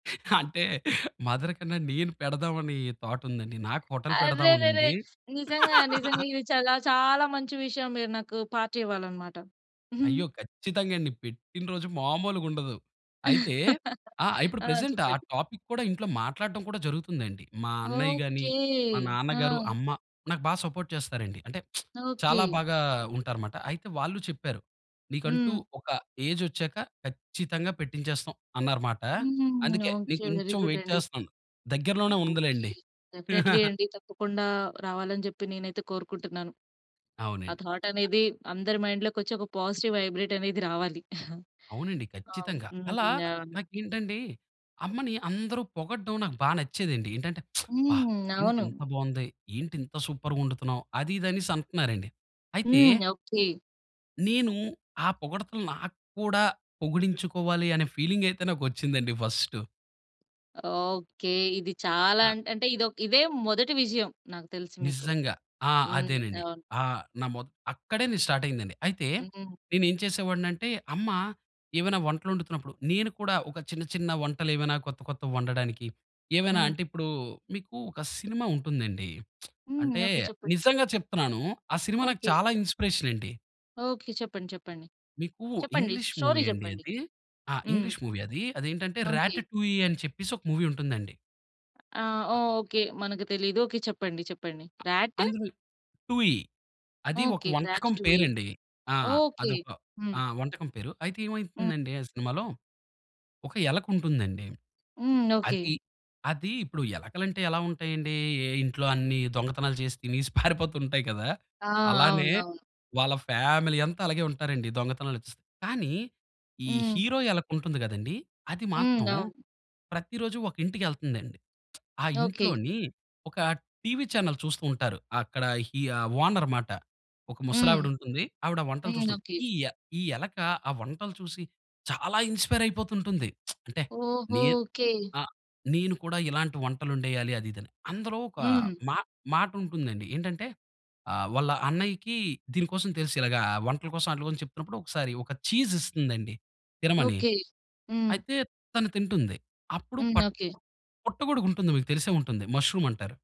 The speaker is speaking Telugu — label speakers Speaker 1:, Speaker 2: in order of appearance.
Speaker 1: అంటే, మదర్ కన్నా, నేను పెడదాం అని, థాటుందండి. నాకు హోటల్
Speaker 2: అరెరెరె!
Speaker 1: పెడదామనుంది.
Speaker 2: నిజంగా, నిజంగా ఇది చాలా, చాలా మంచి విషయం. మీరు నాకు పార్టీ ఇవ్వాలన్నమాట.
Speaker 1: అయ్యో! ఖచ్చితంగా అండి. పెట్టిన రోజు మామూలుగుండదు. అయితే ఆ! ఇప్పుడు
Speaker 2: ఆ!
Speaker 1: ప్రెజెంట్ ఆ
Speaker 2: చెప్పండి?
Speaker 1: టాపిక్ కూడా ఇంట్లో మాట్లాడటం కూడా జరుగుతుందండి. మా అన్నయ్య గాని,
Speaker 2: ఓకే.
Speaker 1: మా నాన్నగారు,
Speaker 2: ఆ!
Speaker 1: అమ్మ, నాకు బాగా సపోర్ట్ చేస్తారండి. అంటే,
Speaker 2: ఓకే.
Speaker 1: చాలా బాగా ఉంటారుమాట. అయితే వాళ్ళు చెప్పారు, "నీకంటూ
Speaker 2: హ్మ్.
Speaker 1: ఒక ఏజొచ్చాక, ఖచ్చితంగా పెట్టించేస్తాం" అన్నారుమాట.
Speaker 2: హ్మ్.
Speaker 1: అందుకే నేను
Speaker 2: ఓకే. వెరీ
Speaker 1: కొంచెం
Speaker 2: గుడ్
Speaker 1: వైట్
Speaker 2: అండి.
Speaker 1: చేస్తనను. దగ్గరలోనే
Speaker 2: ఓకే.
Speaker 1: ఉందిలెండి.
Speaker 2: డెఫినైట్లీ అండి. తప్పకుండా రావాలని చెప్పి నేనైతే కోరుకుంటున్నాను. ఆ
Speaker 1: అవునండి.
Speaker 2: థాట్
Speaker 1: అ!
Speaker 2: అనేది అందరి మైండ్‌లో కోచ్చి, ఒక పాజిటివ్ వైబ్రేట్ అనేది రావాలి.
Speaker 1: అవునండి
Speaker 2: అవును.
Speaker 1: ఖచ్చితంగా.
Speaker 2: హ్మ్.
Speaker 1: అలా
Speaker 2: అవును.
Speaker 1: నాకేంటంటే, అమ్మని అందరూ పొగడం నాకు బా నచ్చేదండి. ఏంటంటే, అబ్బా!
Speaker 2: హ్మ్.
Speaker 1: "ఏంటి
Speaker 2: అవును.
Speaker 1: ఇంత బావుంది! ఏంటి ఇంత సూపర్‌గా వండుతున్నావు" అది ఇదనేసి అంటన్నారండి. అయితే
Speaker 2: హ్మ్. ఓకే.
Speaker 1: నేను ఆ పొగడ్తలు నాకు కూడా పొగిడించుకోవాలి, అనే ఫీలింగైతే నాకు వొచ్చిందండి ఫస్టు.
Speaker 2: ఓకే. ఇది చాలా
Speaker 1: ఆ!
Speaker 2: అంటే, అంటే ఇదొక ఇదే మొదటి విషయం నాకు తెలుసు మీకు.
Speaker 1: నిజంగా. ఆ!
Speaker 2: హ్మ్.
Speaker 1: అదేనండి.
Speaker 2: అవును.
Speaker 1: ఆహ్, నమోత్ అక్కడేని స్టార్టయిందండి. అయితే
Speaker 2: హ్మ్.
Speaker 1: నేను ఏం చేసేవాడినింటే, అమ్మ ఏవైనా వంటలు వండుతున్నప్పుడు, నేను కూడా ఒక చిన్న, చిన్న వంటలు ఏవైనా కొత్త, కొత్త వండడానికి, ఏవైనా
Speaker 2: హ్మ్.
Speaker 1: అంటే, ఇప్పుడు మీకు ఒక సినిమా ఉంటుందండి,
Speaker 2: హ్మ్.
Speaker 1: అంటే,
Speaker 2: ఓకే. చెప్పండి.
Speaker 1: నిజంగా చెప్తున్నాను, ఆ సినిమా నాకు
Speaker 2: ఓకే.
Speaker 1: చాలా ఇన్‌స్పిరేషనండి.
Speaker 2: ఓకే. చెప్పండి, చెప్పండి,
Speaker 1: మీకు
Speaker 2: చెప్పండి
Speaker 1: ఇంగ్లీష్
Speaker 2: స్టోరీ
Speaker 1: మూవీ అండి
Speaker 2: చెప్పండి.
Speaker 1: అది. ఆ!
Speaker 2: హ్మ్.
Speaker 1: ఇంగ్లీష్ మూవీ అది. అది ఏంటంటే 'ర్యాట్
Speaker 2: ఓకే.
Speaker 1: టూ ఈ' అని చెప్పేసి ఒక మూవీ ఉంటుందండి.
Speaker 2: ఆ!
Speaker 1: అ!
Speaker 2: ఓకే. మనకు తెలీదు. ఓకే. చెప్పండి, చెప్పండి.
Speaker 1: అ
Speaker 2: 'ర్యాట్?'
Speaker 1: అందులో 'టూ ఈ' అది ఒక
Speaker 2: ఓకే. 'ర్యాట్
Speaker 1: వంటకం
Speaker 2: టూ ఈ'
Speaker 1: పేరండి. ఆ!
Speaker 2: ఓకే.
Speaker 1: అదొక, ఆ!
Speaker 2: హ్మ్.
Speaker 1: వంటకం పేరు. అయితే
Speaker 2: హ్మ్.
Speaker 1: ఏమైతుందండి ఆ సినిమాలో, ఒక ఎలక ఉంటుందండి.
Speaker 2: హ్మ్. ఓకే.
Speaker 1: అది, అది ఇప్పుడు ఎలకలంటే ఎలా ఉంటాయండి? ఎ ఇంట్లో అన్ని దొంగతనాలు చేసి తినేసి పారిపోతుంటాయి కదా!
Speaker 2: ఆ!
Speaker 1: అలానే,
Speaker 2: అవును. అవును.
Speaker 1: వాళ్ళ ఫ్యామిలీ అంతా అలాగే ఉంటారండి, దొంగతనాలు కానీ, ఈ
Speaker 2: హ్మ్.
Speaker 1: హీరో ఎలుక ఉంటుంది కదండీ! అది
Speaker 2: హ్మ్.
Speaker 1: మాత్రం,
Speaker 2: అవును.
Speaker 1: ప్రతిరోజు ఒక ఇంటికి కెళ్తందండి. ఆ
Speaker 2: ఓకే.
Speaker 1: ఇంట్లోని ఒక టీవీ చానెల్ చూస్తూ ఉంటారు అక్కడ హి ఆ ఓనర్ మాట. ఒక
Speaker 2: హ్మ్.
Speaker 1: ముసలావిడుంటుంది. ఆవిడ వంటలు
Speaker 2: హ్మ్.
Speaker 1: చూస్తుంది.
Speaker 2: ఓకే.
Speaker 1: ఈ య ఈ ఎలుక ఆ వంటలు చూసి, చాలా ఇన్‌స్పైరయిపోతుంటుంది. అంటే,
Speaker 2: ఓహో!
Speaker 1: నేను,
Speaker 2: ఓకే.
Speaker 1: ఆ నేను కూడా ఇలాంటి వంటలొండేయాలి అది, ఇదిని. అందులో ఒక
Speaker 2: హ్మ్.
Speaker 1: మా మాటుంటుందండి. ఏంటంటే, ఆహ్, వాళ్ళ అన్నయ్యకి దీని కోసం తెలుసు, ఇలాగ వంటల కోసం అట్లా కోసం చెప్తున్నప్పుడు, ఒకసారి ఒక ఛీజ్ ఇస్తుందండి తినమని.
Speaker 2: ఓకే. హ్మ్.
Speaker 1: అయితే తను తింటుంది. అప్పుడు
Speaker 2: హ్మ్.
Speaker 1: పట్
Speaker 2: ఓకే.
Speaker 1: పుట్టగొడుగుంటుంది, మీకు తెలిసే ఉంటుంది, ముష్రూమ్ అంటారు.